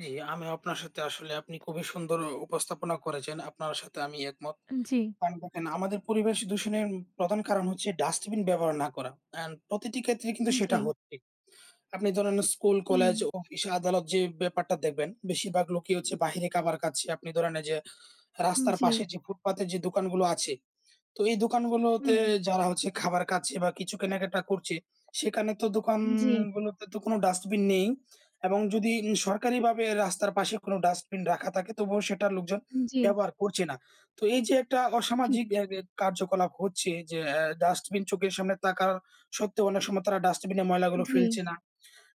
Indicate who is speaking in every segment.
Speaker 1: জ্বী, আমিও আপনার সাথে আসলে আপনি খুবই সুন্দর উপস্থাপনা করেছেন। আপনার সাথে আমি একমত।
Speaker 2: জি।
Speaker 1: কারণ দেখেন আমাদের পরিবেশ দূষণের প্রধান কারণ হচ্ছে ডাস্টবিন ব্যবহার না করা। অ্যান্ড প্রতিটি ক্ষেত্রেই কিন্তু সেটা
Speaker 2: জি।
Speaker 1: হচ্ছে। আপনি ধরেন স্কুল,
Speaker 2: হুম।
Speaker 1: কলেজ অফিস আদালত যে, ব্যাপারটা দেখবেন। বেশিরভাগ লোকই হচ্ছে বাইরে খাবার কাচ্ছে। আপনি ধরেন এই যে,
Speaker 2: হুম,
Speaker 1: রাস্তার
Speaker 2: জ্বী।
Speaker 1: পাশে যে, ফুটপাতে যে, দোকানগুলো আছে, তো এই দোকানগুলোতে
Speaker 2: হুম।
Speaker 1: যারা হচ্ছে খাবার খাচ্ছে বা কিছু কেনাকাটা করছে, সেখানে তো
Speaker 2: জি।
Speaker 1: দোকানগুলো তো কোন ডাস্টবিন নেই। এবং যদি সরকারিভাবে রাস্তার পাশে কোন ডাস্টবিন রাখা থাকে, তবুও সেটা লোকজন
Speaker 2: জি।
Speaker 1: ব্যবহার করছে না। তো এই যে, একটা
Speaker 2: ঠিক।
Speaker 1: অসামাজিক অ্যা অ্যা কার্যকলাপ হচ্ছে যে, অ্যা ডাস্টবিন চোখের সামনে থাকা সত্ত্বেও অনেক সময় তারা ডাস্টবিনে ময়লাগুলো
Speaker 2: জ্বী।
Speaker 1: ফেলছে না।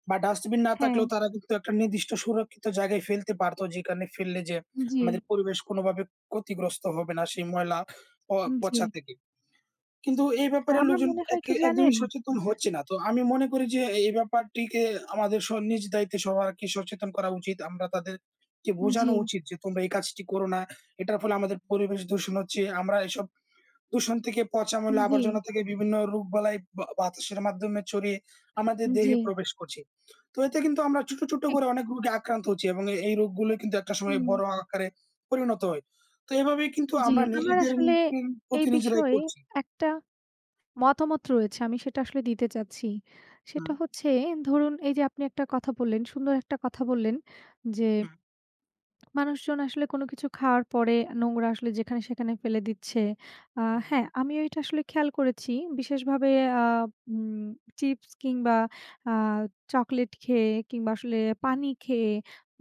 Speaker 1: বা ডাস্টবিন না
Speaker 2: হ্যাঁ।
Speaker 1: থাকলেও তারা কিন্তু একটা নির্দিষ্ট সুরক্ষিত জায়গায় ফেলতে পারত, যেখানে ফেললে যে,
Speaker 2: জি।
Speaker 1: আমাদের পরিবেশ কোনোভাবে ক্ষতিগ্রস্ত হবে না সেই ময়লা প
Speaker 2: জ্বী।
Speaker 1: পচা থেকে। কিন্তু এ
Speaker 2: হ্যাঁ,
Speaker 1: ব্যাপারে
Speaker 2: আমার
Speaker 1: লোকজন
Speaker 2: মনে
Speaker 1: এ
Speaker 2: হয় কি
Speaker 1: একদমই
Speaker 2: জানেন
Speaker 1: সচেতন হচ্ছে না। তো আমি মনে করি যে, এই ব্যাপারটিকে আমাদের স নিজ দায়িত্বে সবারকে সচেতন করা উচিত। আমরা তাদেরকে বোঝানো
Speaker 2: জি।
Speaker 1: উচিত যে, তোমরা এই কাজটি করো না, এটার ফলে আমাদের পরিবেশ দূষণ হচ্ছে। আমরা এসব দূষণ থেকে পচা ময়লা
Speaker 2: জ্বী।
Speaker 1: আবর্জনা থেকে বিভিন্ন রোগ বালাই বাতাসের মাধ্যমে ছড়িয়ে আমাদের দেহে
Speaker 2: জি।
Speaker 1: প্রবেশ করছে। তো এতে কিন্তু আমরা ছোট, ছোট
Speaker 2: ঠিক।
Speaker 1: করে অনেক রোগে আক্রান্ত হচ্ছি। এবং এ এই রোগগুলো কিন্তু একটা সময়
Speaker 2: হুম।
Speaker 1: বড় আকারে পরিণত হয়। তো এভাবে কিন্তু
Speaker 2: জি।
Speaker 1: আমরা
Speaker 2: আমার
Speaker 1: নিজেদের
Speaker 2: আসলে
Speaker 1: [unintelligible]
Speaker 2: এই
Speaker 1: প্রতি নিজেরাই
Speaker 2: বিষয়ে
Speaker 1: করছি।
Speaker 2: একটা মতামত রয়েছে। আমি সেটা আসলে দিতে চাচ্ছি। সেটা
Speaker 1: হুম।
Speaker 2: হচ্ছে ধরুন এই যে, আপনি একটা কথা বললেন, সুন্দর একটা কথা বললেন। যে,
Speaker 1: হুম।
Speaker 2: মানুষজন আসলে কোন কিছু খাওয়ার পরে নোংরা আসলে যেখানে সেখানে ফেলে দিচ্ছে। আ
Speaker 1: হুম।
Speaker 2: হ্যাঁ, আমি ওইটা আসলে খেয়াল করেছি বিশেষভাবে আ উম চিপস কিংবা আ চকোলেট খেয়ে কিংবা আসলে
Speaker 1: হুম।
Speaker 2: পানি খেয়ে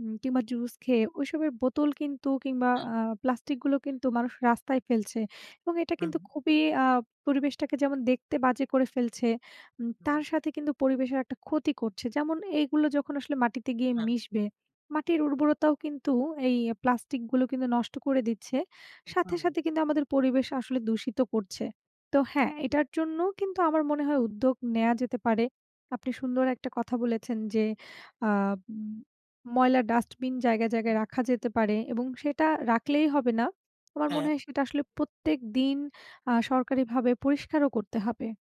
Speaker 2: উম কিংবা জুস খেয়ে ওইসবের বোতল কিন্তু কিংবা
Speaker 1: হ্যাঁ।
Speaker 2: আ প্লাস্টিক গুলো কিন্তু মানুষ রাস্তায় ফেলছে। এবং এটা
Speaker 1: হুম।
Speaker 2: কিন্তু খুবই আ পরিবেশটাকে যেমন দেখতে বাজে করে ফেলছে, উম তার
Speaker 1: হুম।
Speaker 2: সাথে কিন্তু পরিবেশের একটা ক্ষতি করছে। যেমন এইগুলো যখন আসলে মাটিতে গিয়ে
Speaker 1: হ্যাঁ।
Speaker 2: মিশবে, মাটির উর্বরতাও কিন্তু এই প্লাস্টিক গুলো কিন্তু নষ্ট করে দিচ্ছে। সাথে,
Speaker 1: হুম।
Speaker 2: সাথে কিন্তু আমাদের পরিবেশ আসলে দূষিত করছে। তো হ্যাঁ, এটার জন্যও কিন্তু আমার মনে হয় উদ্যোগ নেয়া যেতে পারে। আপনি সুন্দর একটা কথা বলেছেন যে, আ উম ময়লার ডাস্টবিন জায়গায়,
Speaker 1: হুম।
Speaker 2: জায়গায় রাখা যেতে পারে এবং সেটা রাখলেই হবে না। আমার মনে
Speaker 1: হ্যাঁ।
Speaker 2: হয় সেটা আসলে প্রত্যেক দিন আ সরকারিভাবে পরিষ্কারও করতে হবে।